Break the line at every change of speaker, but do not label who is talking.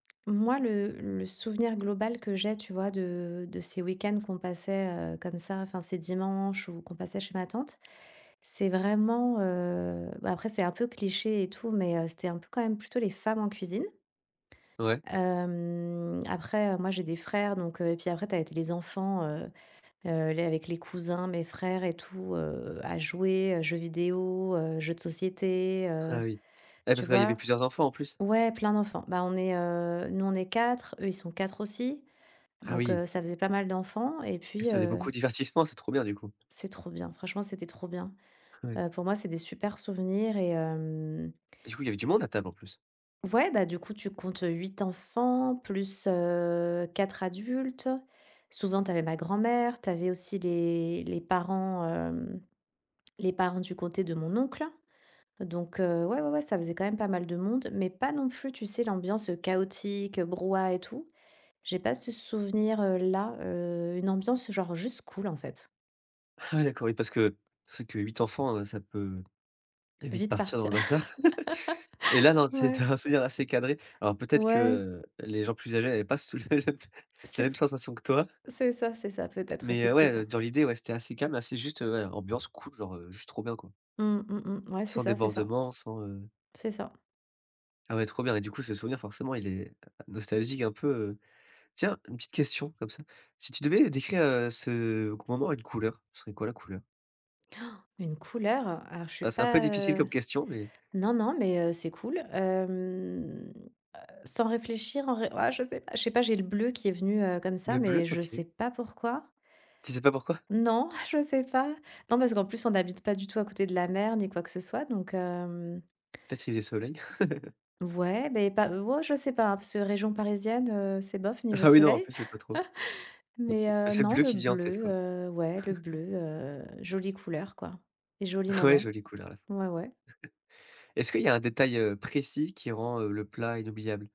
Moi, le le souvenir global que j'ai, tu vois, de de ces week-ends qu'on passait, heu, comme ça, enfin, ces dimanches où qu'on passait chez ma tante, c'est vraiment, heu, bah après, c'est un peu cliché et tout, mais, heu, c'était un peu quand même plutôt les femmes en cuisine.
Ouais.
Hem, après, heu, moi, j'ai des frères, donc, heu et puis après, tu avais t les enfants, heu heu, les avec les cousins, mes frères et tout, heu, à jouer, heu, jeux vidéos, heu, jeux de société,
Ah
heu,
oui. Et
tu
parce que là il y avait
vois?
plusieurs enfants, en plus?
Ouais, plein d'enfants. Bah on est, heu, nous, on est 4, eux, ils sont 4 aussi.
Ah
Donc,
oui!
heu, ça faisait pas mal d'enfants. Et
Et
puis,
ça faisait
heu
beaucoup divertissement, c'est trop bien, du coup.
C'est trop bien. Franchement, c'était trop bien.
Ouais.
Heu, pour moi, c'est des super souvenirs et hem
Et du coup, il y avait du monde à table, en plus?
Ouais, bah du coup, tu comptes, heu, 8 enfants plus, heu, 4 adultes. Souvent, tu avais ma grand-mère, tu avais aussi les les parents, hem, les parents du côté de mon oncle. Donc, heu, ouais, ouais, ouais, ça faisait quand même pas mal de monde, mais pas non plus, tu sais, l'ambiance, heu, chaotique, heu, brouhaha et tout. J'ai pas ce souvenir, heu, là. Heu, une ambiance genre juste cool, en fait.
Ah ouais, d'accord, oui, parce que c'est vrai que 8 enfants, heu, ça peut, très vite
Vite
partir dans
partir.
le bazar. Et là, non, c'est
Ouais.
un souvenir assez cadré. Alors, peut-être que,
Ouais.
heu, les gens plus âgés avaient pas sou le même la
C'est
même
ce q
sensation que toi.
c'est ça, c'est ça, peut-être,
Mais, heu, ouais, heu,
effectivement.
dans l'idée, ouais, c'était assez calme, assez juste, heu, voilà, ambiance cool genre, heu, juste trop bien, quoi.
Mmh, mmh, mmh. Mouais, c'est
Sans
ça c'est ça.
débordement, sans, heu
C'est ça.
Ah ouais, trop bien. Et du coup, ce souvenir, forcément, il est, heu, nostalgique, un peu, heu. Tiens, une petite question, comme ça: si tu devais décrire, heu, ce qu moment à une couleur, ce serait quoi, la couleur?
Une couleur? Alors, je suis
Ah, c'est un peu
pas,
difficile
heu
comme question, mais
Non, non, mais, heu, c'est cool, hem. Heu, sans réfléchir, en vrai ah je sais pas! Je sais pas, j'ai le bleu qui est venu, heu, comme ça,
Le bleu?
mais je
OK.
sais pas pourquoi.
Tu sais pas pourquoi?
Non, je sais pas. Non, parce qu'en plus, on n'habite pas du tout à côté de la mer ni quoi que ce soit. Donc, hem
Peut-être qu'il faisait soleil.
Ouais, beh pas ou oh je sais pas, hein, parce que région parisienne, heu, c'est bof niveau
Ah oui, non, en
soleil.
plus, heu, pas trop.
Mais, heu,
C'est le
non,
bleu
le
qui te vient en tête,
bleu,
quoi.
heu, ouais, le bleu, heu, jolie couleur quoi. Et jolis
Ouais,
moments.
jolie couleur, ouais.
Ouais, ouais.
Est-ce qu'il y a un détail, heu, précis qui rend, heu, le plat inoubliable?